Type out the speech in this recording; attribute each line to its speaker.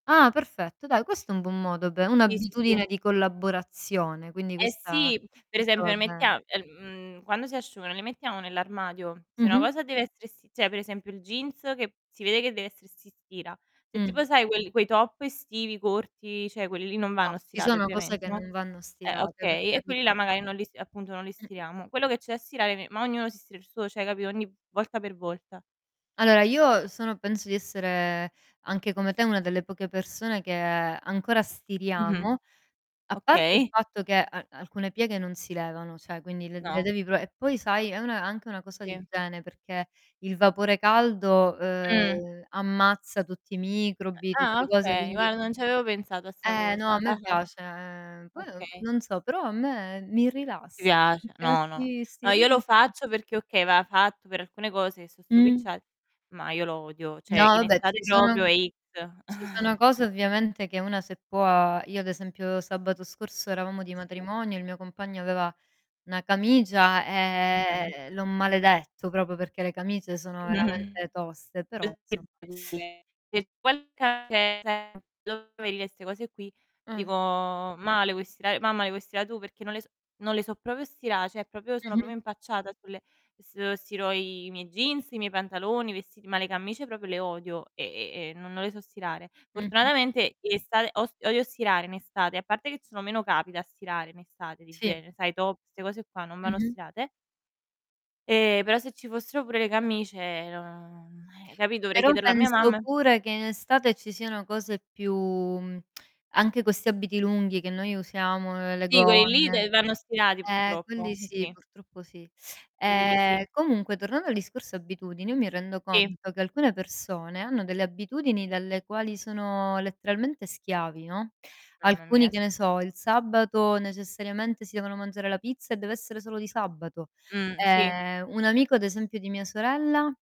Speaker 1: Ah! Perfetto, dai questo è un buon modo, beh,
Speaker 2: Sì, sì, sì.
Speaker 1: un'abitudine di collaborazione, quindi
Speaker 2: Eh
Speaker 1: questa
Speaker 2: sì, per
Speaker 1: questa
Speaker 2: esempio
Speaker 1: va
Speaker 2: le
Speaker 1: bene.
Speaker 2: mettia el mhmm, quando si asciugano, le mettiamo nell'armadio? Se una
Speaker 1: Mh-mh.
Speaker 2: cosa deve essere essi cioè per esempio il jeans che si vede che dev'essere st si stira. Se
Speaker 1: Mh.
Speaker 2: tipo sai quel quei top estivi corti, cioè, quelli lì non
Speaker 1: No,
Speaker 2: vanno
Speaker 1: ci
Speaker 2: stirati
Speaker 1: sono cose
Speaker 2: ovviamente,
Speaker 1: che
Speaker 2: no.
Speaker 1: non vanno
Speaker 2: Eh
Speaker 1: stirate, per
Speaker 2: okay, e quelli
Speaker 1: carità.
Speaker 2: là magari non li s appunto non li
Speaker 1: Mh-mh.
Speaker 2: stiriamo. Quello che c'è da stirare me ma ognuno si stira il suo, cioè capito, ogni v volta per volta.
Speaker 1: Allora io, uhm, sono penso di essere, anche come te, una delle poche persone che, ancora
Speaker 2: Mh-mh,
Speaker 1: stiriamo. A parte il
Speaker 2: okay.
Speaker 1: fatto che a alcune pieghe non si levano, cioè, quindi le le
Speaker 2: No.
Speaker 1: devi pro e poi sai è una anche una cosa di
Speaker 2: Sì.
Speaker 1: igiene perché il vapore caldo,
Speaker 2: Mh.
Speaker 1: uhm, ammazza tutti i microbi,
Speaker 2: Ah
Speaker 1: tutte cose
Speaker 2: okay,
Speaker 1: quindi
Speaker 2: guarda non ci avevo pensato a 'sta
Speaker 1: Eh, no,
Speaker 2: cosa.
Speaker 1: a me
Speaker 2: Ah-ah.
Speaker 1: piace, ehm, poi no
Speaker 2: Okay.
Speaker 1: non so, però a me mi
Speaker 2: Ti
Speaker 1: rilass
Speaker 2: piace
Speaker 1: [unintelligible]
Speaker 2: no, no.
Speaker 1: si
Speaker 2: No,
Speaker 1: si
Speaker 2: io lo
Speaker 1: [unintelligible]
Speaker 2: faccio perché, okay, va fatt' per alcune cose che so'
Speaker 1: Mh.
Speaker 2: stropicciate, ma io lo odio.
Speaker 1: No,
Speaker 2: Cioè in
Speaker 1: vabbè
Speaker 2: estate
Speaker 1: ci sono,
Speaker 2: proprio
Speaker 1: an
Speaker 2: è X.
Speaker 1: ci sono cose ovviamente che una se può io ad esempio, sabato scorso eravamo di
Speaker 2: Sì.
Speaker 1: matrimonio, il mio compagno aveva 1 camicia
Speaker 2: Mh-mh.
Speaker 1: ehm, l'ho maledetto proprio perché le camicie sono veramente toste, però, insomma
Speaker 2: [unintelligible] lo vedi che 'ste cose, qui dico:
Speaker 1: Mh.
Speaker 2: "Ma', le vuoi stirare mamma le vuoi stira' tu? Perché non le s" non le so proprio stirà, cioè proprio sono
Speaker 1: Mh-mh.
Speaker 2: proprio impacciata sulle uhm, se stiro i i miei jeans, i miei pantaloni, i vestiti, ma le camicie proprio le odio e e e, no non le so stirare.
Speaker 1: Mh-mh.
Speaker 2: Fortunatamente in estate ost odio stirare in estate, a parte che ci sono meno capi da stirare in estate di
Speaker 1: Sì.
Speaker 2: genere, sai top, 'ste cose qua non vanno
Speaker 1: Mh-mh.
Speaker 2: stirate e, però se ci fossero pure le camicie, non eh, capi', dovrei
Speaker 1: Però
Speaker 2: chiederlo a mia
Speaker 1: penso
Speaker 2: mamma
Speaker 1: pure che in estate ci siano cose più mhmm, anche questi abiti lunghi che noi usiamo, ehm, le
Speaker 2: Sì, quelli lì
Speaker 1: gonne
Speaker 2: dev vanno stirati
Speaker 1: eh,
Speaker 2: purtroppo,
Speaker 1: quelli
Speaker 2: n
Speaker 1: sì,
Speaker 2: sì.
Speaker 1: purtroppo sì.
Speaker 2: Quelli lì sì.
Speaker 1: Ehm, comunque tornando al discorso abitudini, io mi rendo
Speaker 2: Sì.
Speaker 1: conto che alcune persone hanno delle abitudini dalle quali sono letteralmente schiavi, no;
Speaker 2: Mamma mia,
Speaker 1: alcuni, che
Speaker 2: s
Speaker 1: ne so, il sabato necessariamente si devono mangiare la pizza e deve essere solo di sabato;
Speaker 2: Mh, sì.
Speaker 1: ehm, un amico ad esempio di mia sorella